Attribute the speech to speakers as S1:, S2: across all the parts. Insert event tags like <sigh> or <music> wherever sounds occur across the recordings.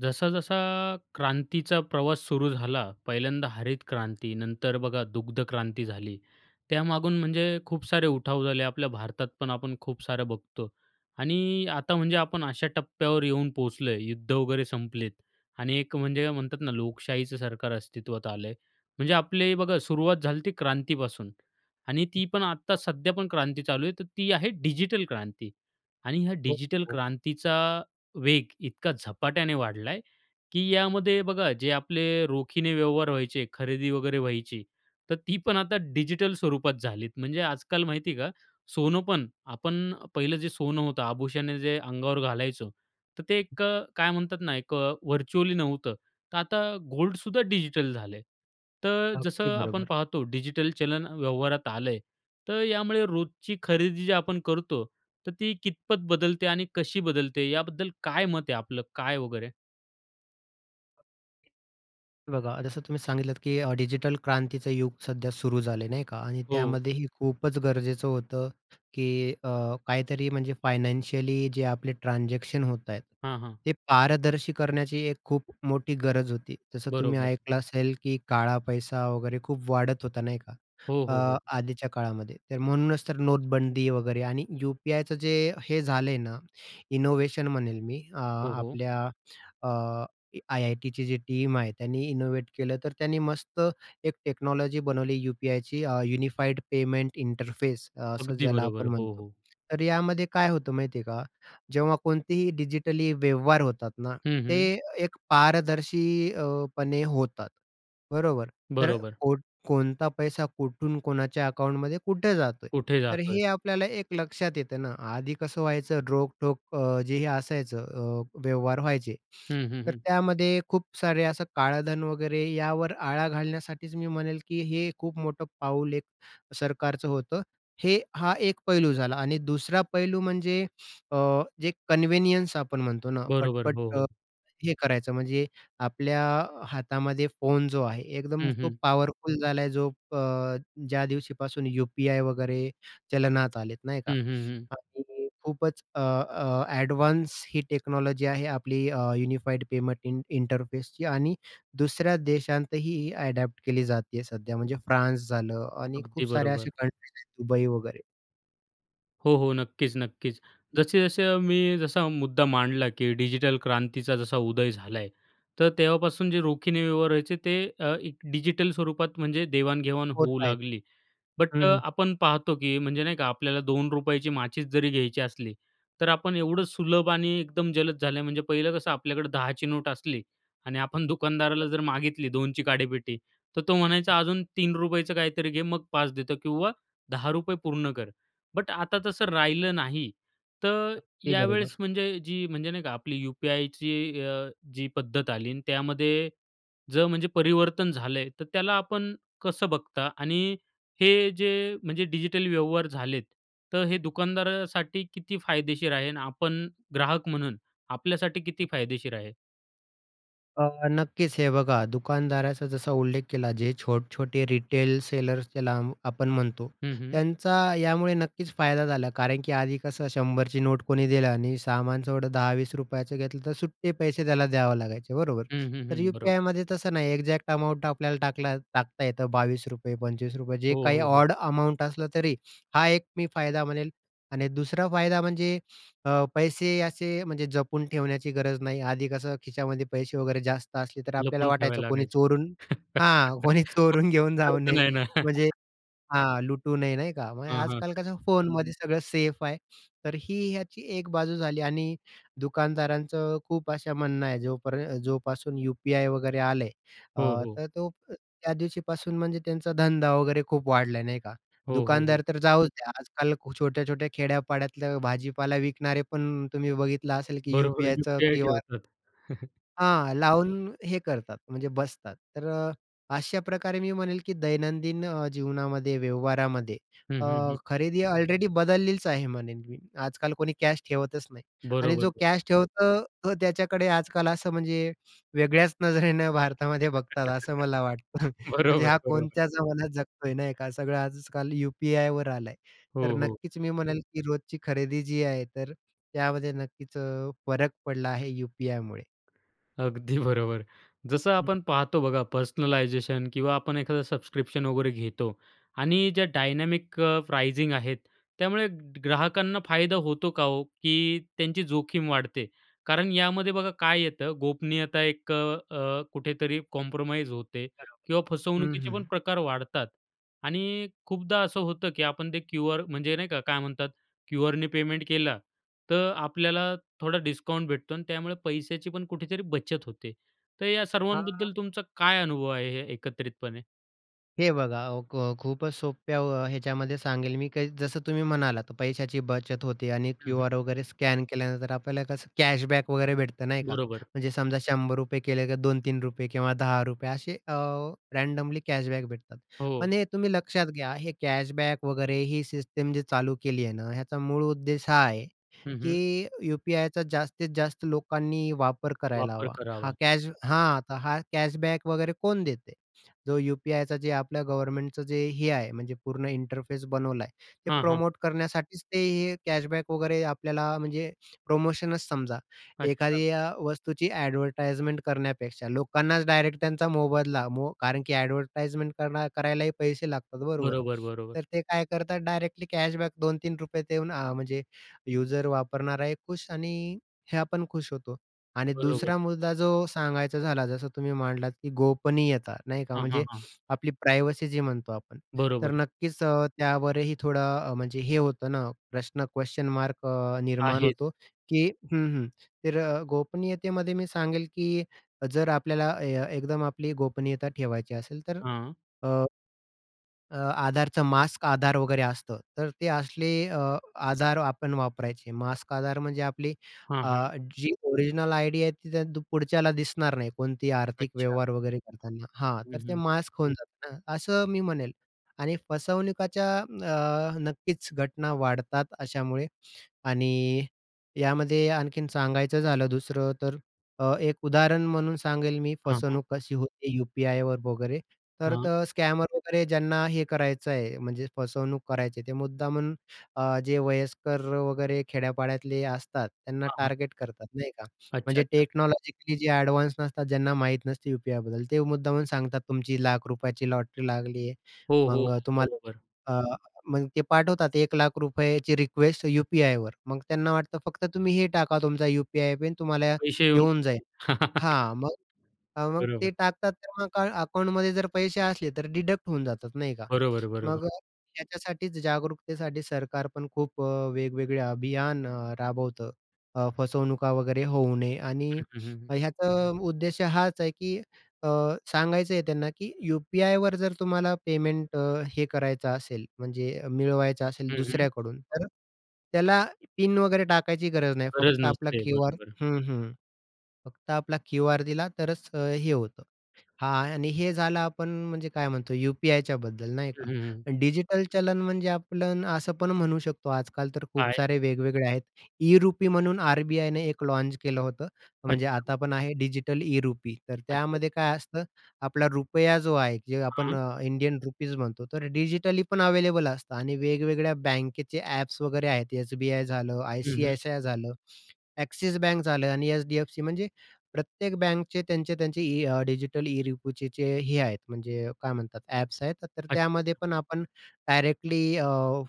S1: जसा-जसा क्रांतीचा प्रवास सुरू झाला, पहिल्यांदा हरित क्रांती, नंतर बघा दुग्ध क्रांती झाली, त्यामागून म्हणजे खूप सारे उठाव झाले. आपल्या भारतात पण आपण खूप सारं बघतो आणि आता म्हणजे आपण अशा टप्प्यावर येऊन पोहोचलो आहे, युद्ध वगैरे संपलेत आणि एक म्हणजे म्हणतात ना, लोकशाहीचं सरकार अस्तित्वात आलं आहे, म्हणजे आपले बघा सुरुवात झाली ती क्रांतीपासून आणि ती पण आत्ता सध्या पण क्रांती चालू आहे. तर ती आहे डिजिटल क्रांती आणि ह्या
S2: हो,
S1: डिजिटल
S2: हो.
S1: क्रांतीचा वेग इतका झपाट्याने वाढला आहे की यामध्ये बघा, जे आपले रोखीने व्यवहार व्हायचे, खरेदी वगैरे व्हायची, तर ती पण आता डिजिटल स्वरूपात झालीत, म्हणजे आजकाल माहिती आहे का? सोनं पण आपण पहिलं जे सोनं होतं, आभूषणे जे अंगावर घालायचो, तर ते एक अ, काय म्हणतात ना, एक अ, व्हर्चुअली नव्हतं, तर आता गोल्डसुद्धा डिजिटल झाल आहे. तर
S2: अगदी,
S1: जसं आपण
S2: बरोबर.
S1: पाहतो डिजिटल चलन व्यवहारात आलं आहे, तर यामुळे रोजची खरेदी जे आपण करतो, तर ती कितपत बदलते आणि कशी बदलते, याबद्दल काय मत आहे आपलं, काय वगैरे?
S2: हे बघा जसं तुम्ही सांगितलत, की अ, डिजिटल क्रांतीचं युग सध्या सुरू झालं आहे, नाही का? आणि
S1: हो.
S2: त्यामध्येही खूपच गरजेचं होतं की अ, काहीतरी म्हणजे फायनान्शियली जे आपले ट्रान्झॅक्शन होत आहेत.
S1: हां, हां.
S2: ते पारदर्शी करण्याची एक खूप मोठी गरज होती. जसं तुम्ही
S1: बरोबर.
S2: ऐकलं असेल, की काळा पैसा वगैरे खूप वाढत होता, नाही का?
S1: हो, हो,
S2: अ,
S1: हो.
S2: आधीच्या काळामध्ये. तर म्हणूनच तर नोटबंदी वगैरे आणि UPI चं जे हे झालंय ना, इनोवेशन म्हणेल मी अ,
S1: हो, हो.
S2: आपल्या अ, IITची जी टीम आहे त्यांनी इनोव्हेट केलं, तर त्यांनी मस्त एक टेक्नॉलॉजी बनवली UPIची अ, युनिफाईड पेमेंट इंटरफेस अ, असं
S1: अगदी
S2: ज्याला
S1: बरोबर.
S2: आपण
S1: हो,
S2: म्हणतो.
S1: हो.
S2: तर यामध्ये काय होतं माहिती आहे का? जेव्हा कोणतेही डिजिटली व्यवहार होतात ना,
S1: हं, हं.
S2: ते एक पारदर्शी अ, पणे होतात. बरोबर? तर
S1: बरोबर.
S2: कोट कोणता पैसा कुठून, कोणाच्या अकाउंटमध्ये कुठे जातोय?
S1: कुठे
S2: तर
S1: जातोय?
S2: हे आपल्याला एक लक्षात येतं ना. आधी कसं व्हायचं रोखठोक अ, जे हे असायचं अ, व्यवहार व्हायचे, <smacks lips>
S1: हं, हं,
S2: तर
S1: हं.
S2: त्यामध्ये खूप सारे असं काळधन वगैरे यावर आळा घालण्यासाठीच मी म्हणेल, की हे खूप मोठं पाऊल एक सरकारचं होतं. हे हा एक पैलू झाला आणि दुसरा पैलू म्हणजे अ, जे कन्व्हिनियन्स आपण म्हणतो ना,
S1: बरोबर.
S2: पट-पट
S1: हो,
S2: अ,
S1: हो.
S2: हे करायचं म्हणजे आपल्या हातामध्ये फोन जो आहे एकदम
S1: हं,
S2: तो
S1: हं.
S2: पॉवरफुल झालाय. जो प अ, ज्या दिवशीपासून UPI वगैरे चलनात आलेत, नाही का?
S1: हं, हं, हं.
S2: आणि खूपच अ, अ, ॲडव्हान्स ही टेक्नॉलॉजी आहे आपली अ, युनिफाईड पेमेंट इं इंटरफेसची आणि दुसऱ्या देशांतही ॲडॅप्ट केली जाते आहे सध्या, म्हणजे फ्रान्स झालं आणि
S1: अगदी
S2: खूप साऱ्या अशा
S1: बरोबर.
S2: कंट्रीज आहेत दुबई वगैरे.
S1: हो, हो. नक्कीच, नक्कीच, जसे-जसे मी जसा मुद्दा मांडला, की डिजिटल क्रांतीचा जसा उदय झालाय, तर तेव्हापासून जे रोखीने व्यवहार व्हायचे ते एक डिजिटल स्वरूपात म्हणजे देवाण-घेवाण होऊ
S2: होतायेत.
S1: लागली. बट
S2: हं,
S1: अ,
S2: हं.
S1: आपण पाहतो की म्हणजे नाही का आपल्याला ₹2ची माचिस जरी घ्यायची असली, तर आपण एवढं सुलभ आणि एकदम जलद झाले म्हणजे पहिलं कसं आपल्याकडे 10ची नोट असली आणि आपण दुकानदाराला
S2: <unintelligible>
S1: जर मागितली 2ची काडेपेटी, तर तो म्हणायचा अजून ₹3याच काहीतरी घे मग 5 देतो किंवा ₹10 पूर्ण कर. बट आता तसं राहिलं नाही, तर
S2: अगदी
S1: यावेळेस
S2: बरोबर.
S1: म्हणजे जी म्हणजे नाही का आपली यू-पी-आयची अ, जी पद्धत आली आणि त्यामध्ये, जर म्हणजे परिवर्तन झालंय तर त्याला आपण कसं बघता? आणि हे जे म्हणजे डिजिटल व्यवहार झालेत, तर हे दुकानदारासाठी किती फायदेशीर आहे? आणि आपण ग्राहक म्हणून आपल्यासाठी किती फायदेशीर आहे?
S2: अ, नक्कीच हे बघा दुकानदाराचा जसा उल्लेख केला जे छोटे-छोटे रिटेल सेलर्स ज्याला अ, आपण म्हणतो.
S1: हं, हं.
S2: त्यांचा यामुळे नक्कीच फायदा झाला. कारण की आधी कसं 100ची नोट कोणी दिलं आणि सामानचं एवढं ₹10-20 घेतलं, तर सुट्टे पैसे त्याला द्यावे लागायचे. बरोबर?
S1: हं, हं,
S2: तर
S1: हं. बरोबर.
S2: यू-पी-आयमध्ये तसं नाही. एक्झॅक्ट अमाऊंट आपल्या टाकला टाकता येतं ₹22, ₹25 जे
S1: हो,
S2: काही
S1: हो, हो.
S2: ऑड अमाउंट असलं तरी, हा एक मी फायदा म्हणेल आणि दुसरा फायदा म्हणजे अ, पैसे असे म्हणजे जपून ठेवण्याची गरज नाही. आधी कसं खिशामध्ये पैसे वगैरे जास्त असले, तर आपल्याला
S1: लपवून
S2: वाटायचं
S1: ठेवायला
S2: कोणी
S1: लागायचे.
S2: चोरून
S1: <chuckles>
S2: हां कोणी
S1: <unintelligible>
S2: चोरून घेऊन जाऊ
S1: अर्थ
S2: नये
S1: नाही ना.
S2: म्हणजे हां लुटू नये. नाही का? मग
S1: हां, हां.
S2: आजकाल कसं फोनमध्ये सगळं सेफ आहे. तर ही याची एक बाजू झाली आणि दुकानदारांचं खूप असं म्हणणं आहे जोपर जोपासून यू-पी-आय वगैरे आलंय.
S1: हो,
S2: अ,
S1: हो.
S2: तर तो त्या दिवशीपासून म्हणजे त्यांचा धंदा वगैरे खूप वाढला. नाही का?
S1: हो, हो, हो.
S2: दुकानदार तर जाऊच द्या आजकाल छोट्या-छोट्या खेड्यापाड्यातलं भाजीपाला विकणारे पण तुम्ही बघितलं असेल की
S1: बरोबर.
S2: यू-पी-आयचं
S1: यू-पी-आय
S2: क्यूआर
S1: ठेवतात. <chuckles>
S2: हां, लावून, हे करतात म्हणजे बसतात. तर अ, अशा प्रकारे मी म्हणेल की दैनंदिन अ, जीवनामध्ये व्यवहारामध्ये
S1: हं,
S2: अ,
S1: हं, हं.
S2: खरेदी ऑलरेडी बदललेलीच आहे म्हणेन मी आजकाल कोणी कॅश ठेवतच नाही. आणि
S1: बरोबर,
S2: जो
S1: बरोबर.
S2: कॅश ठेवतो तो त्याच्याकडे आजकाल असं म्हणजे, वेगळ्याच नजरेनं भारतामध्ये बघतात,
S1: <laughs>
S2: असं मला वाटतं. <chuckles> म्हणजे हा
S1: बरोबर, बरोबर.
S2: कोणत्या जमानात जगतोय नाही का सगळं आजकाल यू-पी-आयवर आलंय. तर
S1: हो, हो.
S2: नक्कीच मी म्हणेल की रोजची खरेदी जी आहे. तर, त्यामध्ये नक्कीच अ, फरक पडला आहे यू-पी-आयमुळे.
S1: अगदी बरोबर. जसं
S2: हं.
S1: आपण पाहतो बघा पर्सनलायझेशन किंवा आपण एखादा सबस्क्रिप्शन वगैरे घेतो आणि ज्या डायनॅमिक अ, प्राइजिंग आहेत. त्यामुळे ग्राहकांना फायदा होतो का ओ, की त्यांची जोखीम वाढते? कारण यामध्ये बघा काय येतं गोपनीयता एक अ, अ, कुठेतरी कॉम्प्रोमाईज होते
S2: बरोबर.
S1: किंवा
S2: हं,
S1: फसवणुकीचे
S2: हं.
S1: पण प्रकार वाढतात. आणि खूपदा असं होतं, की आपण ते क्यू-आर म्हणजे नाही का काय म्हणतात? क्यू-आरने पेमेंट केलं. तर, आपल्याला थोडा डिस्काउंट भेटतो आणि त्यामुळे पैशाची पण कुठेतरी बचत होते. तर या
S2: हां.
S1: सर्वांबद्दल तुमचा काय अनुभव आहे एकत्रितपणे?
S2: हे बघा, व ख खूपच सोप्या व ह्याच्यामध्ये सांगेल मी काही जसं तुम्ही म्हणालात, पैशाची बचत होते आणि
S1: हं, हं.
S2: क्यू-आर वगैरे स्कॅन केल्यानंतर आपल्याला कसं कॅशबॅक वगैरे भेटतं नाही का?
S1: बरोबर.
S2: म्हणजे समजा, ₹100 केले का ₹2-3 किंवा ₹10 असे अ, रँडमली कॅशबॅक भेटतात.
S1: हो.
S2: पण हे तुम्ही लक्षात घ्या हे कॅशबॅक वगैरे ही सिस्टीम जी चालू केलीय ना, ह्याचा मूळ उद्देश हा आहे,
S1: हं, हं.
S2: की यू-पी-आयचा जास्तीत-जास्त लोकांनी वापर करायला
S1: वापर
S2: हवा. हा
S1: करावा.
S2: कॅश हां, तर हा कॅशबॅक वगैरे कोण देते? जो यू-पी-आयचा जे आपल्या गव्हर्नमेंटचं जे हे आहे म्हणजे पूर्ण इंटरफेस बनवलाय, ते
S1: हां, हां.
S2: प्रमोट करण्यासाठीच ते हे कॅशबॅक वगैरे आपल्याला म्हणजे प्रोमोशनच समजा.
S1: अच्छा.
S2: एखादी अ, वस्तूची अ‍ॅडव्हरटाइजमेंट करण्यापेक्षा लोकांनाच डायरेक्ट त्यांचा मोबदला मो कारण की अ‍ॅडव्हरटाइजमेंट करणा करायलाही पैसे लागतात बरोबर?
S1: बरोबर, बरोबर.
S2: तर ते काय करतात डायरेक्टली कॅशबॅक ₹2-3 देऊन अ, म्हणजे युजर वापरणाराही खुश आणि हे आपण खुश होतो. आणि
S1: बरोबर.
S2: दुसरा मुद्दा जो सांगायचा झाला जसं तुम्ही मांडलात, की गोपनीयता, नाही का,
S1: हां, हां,
S2: म्हणजे
S1: हां.
S2: आपली प्रायव्हसी जी म्हणतो आपण तर,
S1: बरोबर.
S2: नक्कीच अ, त्यावरही थोडं अ, म्हणजे हे होतं ना प्रश्न, क्वेशन मार्क अ, निर्माण
S1: आहेच.
S2: होतो, की हं, हं, तर अ, गोपनीयतेमध्ये मी सांगेल, की जर आपल्याला ए एकदम आपली गोपनीयता ठेवायची असेल तर
S1: हं.
S2: अ, अ, आधारचा मास्क आधार वगैरे असतं. तर ते असले अ, आधार आपण वापरायचे. मास्क आधार म्हणजे आपली
S1: हं,
S2: अ,
S1: हं.
S2: जी अ, ओरिजिनल आयडी आहे ती त्या पुढच्याला दिसणार नाही. कोणती आर्थिक
S1: अच्छा.
S2: व्यवहार वगैरे करताना. हां,
S1: हं,
S2: तर ते
S1: हं.
S2: मास्क खोलतात ना, असं मी म्हणेल. आणि फसवणुकीच्या अ, नक्कीच घटना वाढतात अशामुळे. आणि यामध्ये आणखीन सांगायचं झालं दुसरं तर अ, एक उदाहरण म्हणून सांगेल मी
S1: हं, हं.
S2: फसवणूक कशी होती यू-पी-आयवर वगैरे. तर
S1: हां.
S2: तर स्कॅमर वगैरे ज्यांना हे करायचंय म्हणजे फसवणूक करायची आहे, ते मुद्दामून अ, जे वयस्कर वगैरे खेड्या-पाड्यातले असतात त्यांना
S1: हां, हां.
S2: टार्गेट करतात, नाही का?
S1: अच्छा,
S2: म्हणजे
S1: अच्छा.
S2: टेक्नॉलॉजिकली जे एडव्हान्स नसतात, ज्यांना माहीत नसते यू-पी-आयबद्दल, ते मुद्दामून सांगतात तुमची लाख रुपयाची लॉटरी लागलीये,
S1: हो, हो,
S2: मग अ,
S1: हो,
S2: तुम्हाला
S1: बरोबर.
S2: अ, मग ते पाठवतात 1,00,000 रुपयाची रिक्वेस्ट यू-पी-आयवर. मग त्यांना वाटतं फक्त तुम्ही हे टाका तुमचा यू-पी-आय पिन तुम्हाला
S1: पैशे येऊन
S2: येऊन जाईल.
S1: जातील. <laughs>
S2: हां, मग हां मग
S1: बरोबर.
S2: ते टाकतात, तर मग काय अकाउंटमध्ये जर पैशे असले तर डिडक्ट होऊन जातात नाही का?
S1: बरोबर, बरोबर.
S2: मग अ, याच्यासाठीच, जागरूकतेसाठी सरकार पण खूप अ, वेगवेगळे अभियान अ, राबवतं, अ, फसवणुका वगैरे होऊ नये. आणि
S1: हं, हं, हं.
S2: ह्याचा उद्देश हाच आहे की अ, सांगायचंय त्यांना की यू-पी-आयवर जर तुम्हाला पेमेंट अ, हे करायचं असेल, म्हणजे मिळवायचं असेल
S1: हं, हं.
S2: दुसऱ्याकडून, तर त्याला पिन वगैरे टाकायची गरज नाही,
S1: गरज
S2: फक्त आपला
S1: नसते.
S2: क्यू-आर
S1: बरोबर.
S2: हं, हं, फक्त आपला क्यू-आर दिला तरच हे होतं. हां आणि हे झालं आपण म्हणजे काय म्हणतो यू-पी-आयच्याबद्दल नाही
S1: हं,
S2: का?
S1: हं, हं.
S2: डिजिटल चलन म्हणजे आपण असं पण म्हणू शकतो आजकाल तर खूप
S1: काय?
S2: सारे वेगवेगळे आहेत ई-रुपी म्हणून आर-बी-आयने एक लॉन्च केलं होतं, म्हणजे
S1: अच्छा.
S2: आता पण आहे. डिजिटल ई-रुपी तर
S1: अच्छा, अच्छा.
S2: त्यामध्ये काय असतं, आपला रुपया जो आहे जे आपण
S1: हां.
S2: इंडियन रुपीज म्हणतो तर डिजिटली पण अवेलेबल असतं आणि वेगवेगळ्या बँकेचे एप्स वगैरे आहेत एस-बी-आय झालं,
S1: हं, हं.
S2: आय-सी-आय-सी-आय झालं, ॲक्सिस बँक झालं आणि एच-डी-एफ-सी म्हणजे प्रत्येक बँकचे त्यांचे-त्यांचे इ अ, डिजिटल ई-रुपीचे चे हे आहेत, म्हणजे काय म्हणतात ॲप्स आहेत. तर तर
S1: अच्छा,
S2: त्यामध्ये
S1: अच्छा.
S2: पण आपण डायरेक्टली अ,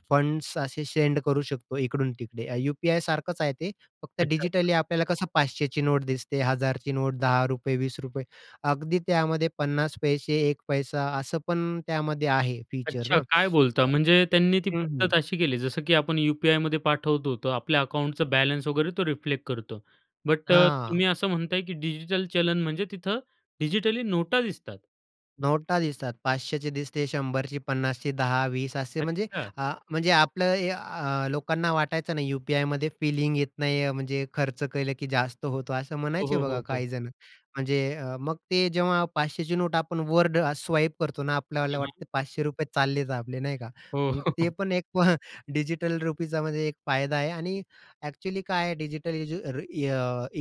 S2: फंड्स असे सेंड करू शकतो इकडून-तिकडे. यू-पी-आय सारखंच आहे ते, फक्त
S1: अच्छा, अच्छा.
S2: डिजिटली आपल्याला कसं 500 ची नोट दिसते, 1,000 ची नोट, ₹10, ₹20, अगदी त्यामध्ये 50 पैसे 1 पैसा असं पण त्यामध्ये आहे फीचर
S1: अच्छा,
S2: ना.
S1: काय
S2: तर
S1: बोलता? म्हणजे त्यांनी ती
S2: हं,
S1: पद्धत
S2: हं.
S1: अशी केली, जसं की आपण यू-पी-आयमध्ये पाठवतो, तो आपल्या
S2: <unintelligible>
S1: अकाउंटचं बॅलन्स वगैरे तो रिफ्लेक्ट करतो. बट अ,
S2: हां.
S1: तुम्ही असं म्हणताय, की डिजिटल चलन म्हणजे तिथं डिजिटली नोटा दिसतात.
S2: नोटा दिसतात 500ची दिसते, 100ची, 50ची, 10-20 असे म्हणजे
S1: अच्छा.
S2: आ म्हणजे आपलं हे आ लोकांना वाटायचं नाही यू-पी-आयमध्ये फिलिंग येत नाही, म्हणजे खर्च केलं की जास्त होतो, असं
S1: हो,
S2: म्हणायचे
S1: हो,
S2: बघा
S1: हो, हो.
S2: काही जण. म्हणजे अ, मग ते जेव्हा 500ची नोट आपण वर्ड स्वाईप करतो ना,
S1: हं,
S2: आपल्यावला
S1: हं.
S2: वाटते ₹500 चालले आपले, नाही का,
S1: हो.
S2: मग ते
S1: <chuckles>
S2: पण एक <chuckles> डिजिटल रुपीचा, म्हणजे एक फायदा आहे आणि ॲक्चुअली काय आहे डिजिटल इजी ई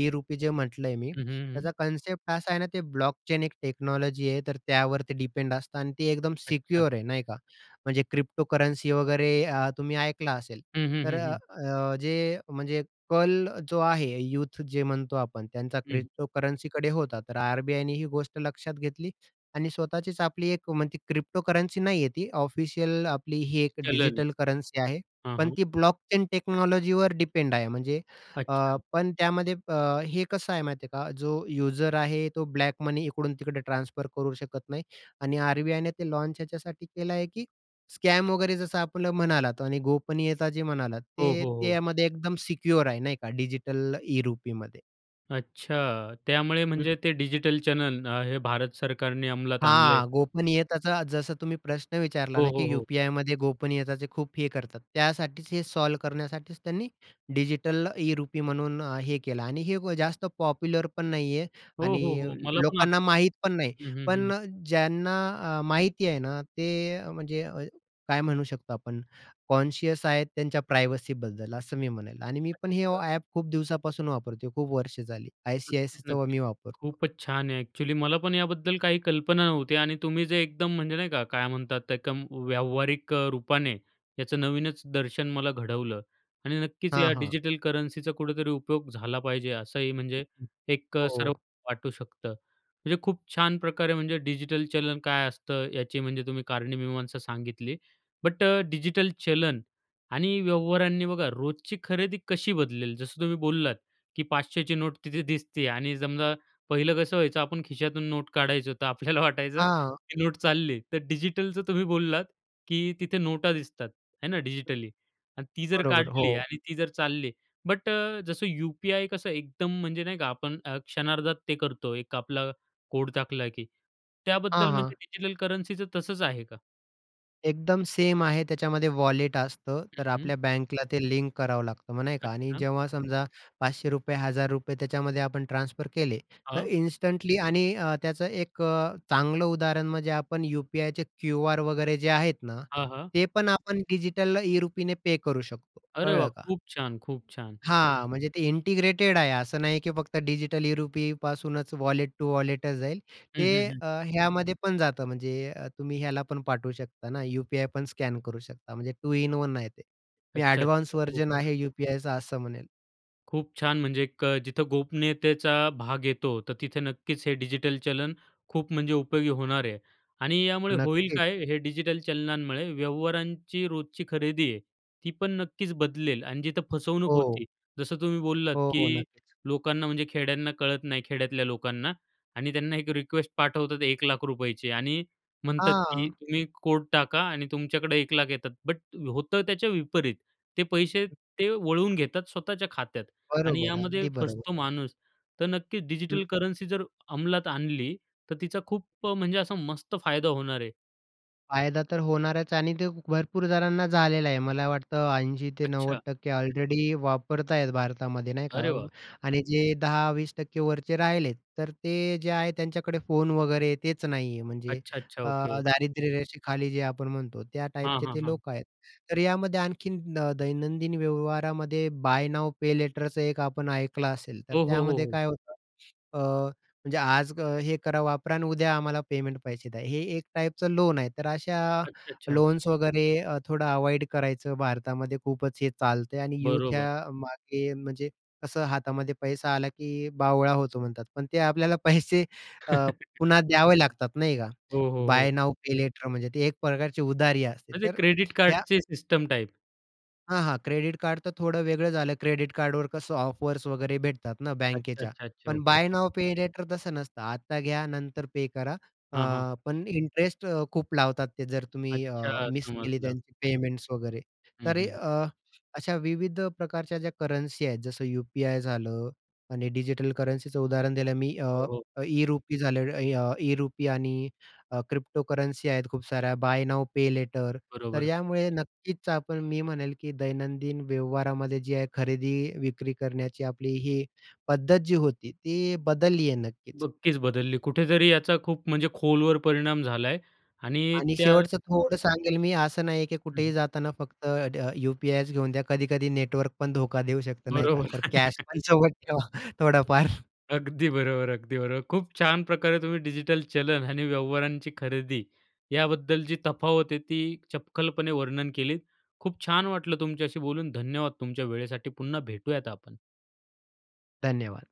S2: ई-रुपी जे म्हटलं आहे मी,
S1: हं, हं, हं.
S2: त्याचा कन्सेप्ट असा आहे ना, ते ब्लॉकचेन एक टेक्नॉलॉजी आहे, तर त्यावरती डिपेंड असतं आणि ती एकदम
S1: अच्छा.
S2: सिक्युअर आहे नही का? म्हणजे क्रिप्टोकरन्सी वगैरे अ, तुम्ही ऐकलं असेल.
S1: हं, हं,
S2: तर
S1: हं,
S2: अ,
S1: हं.
S2: अ, जे, म्हणजे कल जो आहे, यूथ जे म्हणतो आपण, त्यांचा
S1: हं, हं.
S2: क्रिप्टोकरन्सी होता. तर आर-बी-आयने ही गोष्ट लक्षात घेतली आणि स्वतःचीच आपली एक म्हणजे ती क्रिप्टोकरन्सी नाही आहे ती, ऑफिशियल आपली ही एक
S1: चलन आहे.
S2: डिजिटल करन्सी आहे.
S1: हां,
S2: पण
S1: हां.
S2: ती ब्लॉकचेन टेक्नॉलॉजीवर डिपेंड आहे, म्हणजे अ,
S1: अच्छा.
S2: पण त्यामध्ये प हे कसं आहे माहिती आहे का? जो यूजर आहे, तो ब्लॅक मनी इकडून तिकडे ट्रान्सफर करू शकत नाही आणि आर-बी-आय ने ते लॉन्च ह्याच्यासाठी केलं आहे की स्कॅम वगैरे जसं आपलं म्हणालात आणि गोपनीयता जे म्हणालात,
S1: हो,
S2: ते
S1: हो, हो.
S2: त्यामध्ये एकदम सिक्योर आहे नाही का डिजिटल ई-रुपीमध्ये.
S1: अच्छा, त्यामुळे
S2: हं.
S1: म्हणजे ते डिजिटल चॅनेल न हे भारत सरकारने अंमलात आणलंय?
S2: हां, गोपनीयताचा जसं तुम्ही प्रश्न विचारला
S1: हो,
S2: ना, की
S1: हो, हो.
S2: यू-पी-आयमध्ये गोपनीयताचे खूप हे करतात. त्यासाठीच हे सॉल्व्ह करण्यासाठीच त्यांनी डिजिटल ई-रुपी म्हणून अ, हे केलं. आणि हे जास्त पॉप्युलर पण नाहीये.
S1: हो,
S2: आणि
S1: हो, हो. मला पण
S2: लोकांना
S1: आत्ताच
S2: माहीत पण नाही.
S1: हं, हं,
S2: पण
S1: हं.
S2: अ, ज्यांना अ, माहिती आहे ना, ते म्हणजे अ, काय म्हणू शकतो आपण, कॉन्शियस आहेत, त्यांच्या प्रायव्हसीबद्दल असं मी म्हणेल. आणि मी पण हे ओ
S1: अच्छा.
S2: ॲप खूप दिवसापासून वापरतोय. खूप वर्षे झाली
S1: नक्कीच,
S2: आय-सी-आय-सीचं व
S1: नक्कीच.
S2: मी वापरतो.
S1: खूपच छान आहे. ॲक्च्युअली मला पण याबद्दल काही कल्पना नव्हती. आणि तुम्ही जे एकदम म्हणजे नाही का काय म्हणतात त्या कम व्यावहारिक अ, रूपाने याचं नवीनच दर्शन मला घडवलं. आणि नक्कीच
S2: हां,
S1: या
S2: हां.
S1: डिजिटल करन्सीचा कुठेतरी उपयोग झाला पाहिजे असंही
S2: हं,
S1: म्हणजे
S2: हं.
S1: एक अ, सर्व
S2: हो.
S1: वाटू शकतं. म्हणजे खूप छान प्रकारे, म्हणजे डिजिटल चलन काय असतं, याची म्हणजे तुम्ही कारणी मीमांसा सांगितली. बट अ, डिजिटल चलन आणि व्यवहारांनी बघा रोजची खरेदी कशी बदलेल? जसं तुम्ही बोललात की 500ची नोट तिथे दिसती आहे आणि समजा पहिलं कसं व्हायचं आपण खिशातून नोट काढायचो, तर आपल्याला वाटायचं
S2: हां.
S1: की नोट चालली. तर डिजिटलचं तुम्ही बोललात की तिथे नोटा दिसतात, हे ना डिजिटली? अन् ती जर
S2: बरोबर,
S1: काढली
S2: हो.
S1: आणि ती जर चालली. बट अ, जसं यू-पी-आय कसं एकदम म्हणजे नाही का? आपण अ, क्षणार्धात ते करतो एक आपला कोड टाकला की त्याबद्दल
S2: हां,
S1: म्हणजे
S2: हां.
S1: डिजिटल करन्सीचं तसंच आहे का?
S2: एकदम सेम आहे. त्याच्यामध्ये वॉलेट असतं,
S1: हं,
S2: तर
S1: हं,
S2: आपल्या बँकला ते लिंक करावं लागतं, मग नाही का आणि
S1: अच्छा.
S2: जेव्हा समजा ₹500, ₹1,000 त्याच्यामध्ये आपण ट्रान्सफर केले, तर
S1: हां.
S2: इन्स्टंटली आणि अ, त्याचं एक अ, चांगलं उदाहरण म्हणजे आपण यू-पी-आयचे क्यूआर वगैरे जे आहेत ना,
S1: हां, हां.
S2: ते पण आपण डिजिटलला ई-रुपीने पे करू शकतो.
S1: अरे वाह!
S2: कळलं का?
S1: खूप छान, खूप छान.
S2: हां, म्हणजे ते इंटिग्रेटेड आहे, असं नाही की फक्त डिजिटल ई-रुपी पासूनच वॉलेट टू वॉलेटच जाईल.
S1: हं,
S2: ते
S1: हं, हं.
S2: अ, ह्यामध्ये पण जातं, म्हणजे तुम्ही अ, ह्याला पण पाठवू शकता ना, यू-पी-आय पण स्कॅन करू शकता, म्हणजे 2 इन 1 आहे ते. मी
S1: अच्छा,
S2: एडवान्स
S1: अच्छा, खूप
S2: व्हर्जन
S1: छान.
S2: आहे यू-पी-आयचं असं म्हणेल.
S1: खूप छान, म्हणजे एक अ, जिथं गोपनीयतेचा भाग येतो, तर तिथं नक्कीच हे डिजिटल चलन खूप म्हणजे उपयोगी होणार आहे. आणि यामुळे
S2: हो,
S1: होईल
S2: नक्कीच.
S1: काय, हे डिजिटल चलनांमुळे व्यवहारांची रोजची खरेदी आहे, ती पण नक्कीच बदलेल. आणि जिथं फसवणूक
S2: हो.
S1: होती, जसं तुम्ही बोललात
S2: हो, हो,
S1: की
S2: नक्कीच.
S1: लोकांना म्हणजे खेड्यांना कळत नाही, खेड्यातल्या लोकांना, आणि त्यांना एक रिक्वेस्ट पाठवतात ₹1,00,000ची आणि म्हणतात की
S2: हां.
S1: तुम्ही कोड टाका आणि तुमच्याकडे ₹1,00,000 येतात, बट होतं त्याच्या विपरीत, ते पैसे ते वळवून घेतात स्वतःच्या खात्यात आणि
S2: बरोबर,
S1: यामध्ये
S2: अगदी बरोबर.
S1: फसतो माणूस. तर नक्कीच
S2: हं.
S1: डिजिटल करन्सी जर अंमलात आणली, तर तिचा खूप अ, म्हणजे असा मस्त फायदा होणार आहे.
S2: फायदा तर होणारच आणि ते भरपूर जणांना झालेला आहे. मला वाटतं ऐंशी ते नव्वद
S1: अच्छा.
S2: टक्के ऑलरेडी वापरत आहेत भारतामध्ये, नाही का?
S1: अरे वाह!
S2: आणि जे 10-20% वरचे राहिलेत, तर ते जे आहे त्यांच्याकडे, फोन वगैरे तेच नाही आहे. म्हणजे
S1: अच्छा, अच्छा.
S2: अ,
S1: ओके.
S2: दारिद्र्यरेषेखाली जे आपण म्हणतो, त्या
S1: हां,
S2: टाईपचे
S1: हां,
S2: ते
S1: हां.
S2: लोक आहेत. तर यामध्ये आणखीन अ, दैनंदिन व्यवहारामध्ये बाय नाऊ पे लेटरचं एक आपण ऐकलं असेल, तर
S1: हो, हो, हो,
S2: त्यामध्ये
S1: हो.
S2: काय होतं? <sniffs> अ, म्हणजे आज हे करा, वापरा अन उद्या आम्हाला पेमेंट पैसे द्या. हे एक टाईपचं लोन आहे, तर अशा
S1: अच्छा, अच्छा.
S2: लोन्स वगैरे अ, थोडं अवॉइड करायचं. भारतामध्ये खूपच हे चालतंय आणि युथ
S1: बरोबर.
S2: ह्या मागे म्हणजे, कसं हातामध्ये पैसा आला, की बावळा होतो म्हणतात. पण ते आपल्याला <chuckles> पैसे अ,
S1: <chuckles>
S2: पुन्हा द्यावे लागतात, नाही का?
S1: हो, हो,
S2: बाय
S1: हो.
S2: नाऊ पे लेटर म्हणजे ते एक प्रकारची उधारी असते.
S1: म्हणजे
S2: तर
S1: क्रेडिट
S2: ह्या
S1: कार्डचे, सिस्टम टाइप?
S2: हां, हां, क्रेडिट कार्डतर थोडं वेगळं झालं. क्रेडिट कार्डवर कसं ऑफर्स वगैरे भेटतात ना
S1: अच्छा,
S2: बँकेच्या,
S1: अच्छा, अच्छा.
S2: पण
S1: okay.
S2: By now pay later तसं नसतं. आता घ्या नंतर पे करा. अ,
S1: हां, हां.
S2: पण इंटरेस्ट खूप लावतात ते, जर तुम्ही अ,
S1: अच्छा,
S2: मिस केली
S1: समजलं.
S2: त्यांची पेमेंट्स वगैरे.
S1: हं,
S2: तरी
S1: हं,
S2: अ, अशा विविध प्रकारच्या ज्या करन्सी आहेत. जसं यू-पी-आय झालं आणि डिजिटल करन्सीचं उदाहरण दिलं मी
S1: हो,
S2: अ,
S1: हो.
S2: ई-रुपी झाले, अ, ई-रुपी आणि क्रिप्टोकरन्सी आहेत. खूप साऱ्या, बाय नाऊ पे लेटर, तर
S1: बरोबर.
S2: यामुळे नक्कीच आपण मी म्हणेल, की दैनंदिन व्यवहारामध्ये जी आहे खरेदी विक्री करण्याची आपली ही पद्धत जी होती, ती बदलली आहे, नक्कीच.
S1: नक्कीच बदलली. कुठेतरी याचा खूप म्हणजे खोलवर परिणाम झालाय आणि
S2: आणि
S1: त्या
S2: शेवटचं थोडं सांगेल मी, असं नाही आहे की
S1: हं, हं.
S2: कुठेही जाताना फक्त यू-पी-आयच घेऊन द्या. कधी-कधी नेटवर्क पण धोका देऊ शकत, नाही का.
S1: बरोबर.
S2: तर
S1: <laughs>
S2: कॅशपण सोबत ठेवा थोडाफार.
S1: अगदी बरोबर, अगदी बरोबर. खूप छान प्रकारे तुम्ही डिजिटल चलन आणि व्यवहारांची खरेदी याबद्दल जी तफावत आहे ती चपखलपणे वर्णन केलीत. खूप छान वाटलं तुमच्याशी बोलून. धन्यवाद तुमच्या वेळेसाठी. पुन्हा भेटूयात आपण.
S2: धन्यवाद.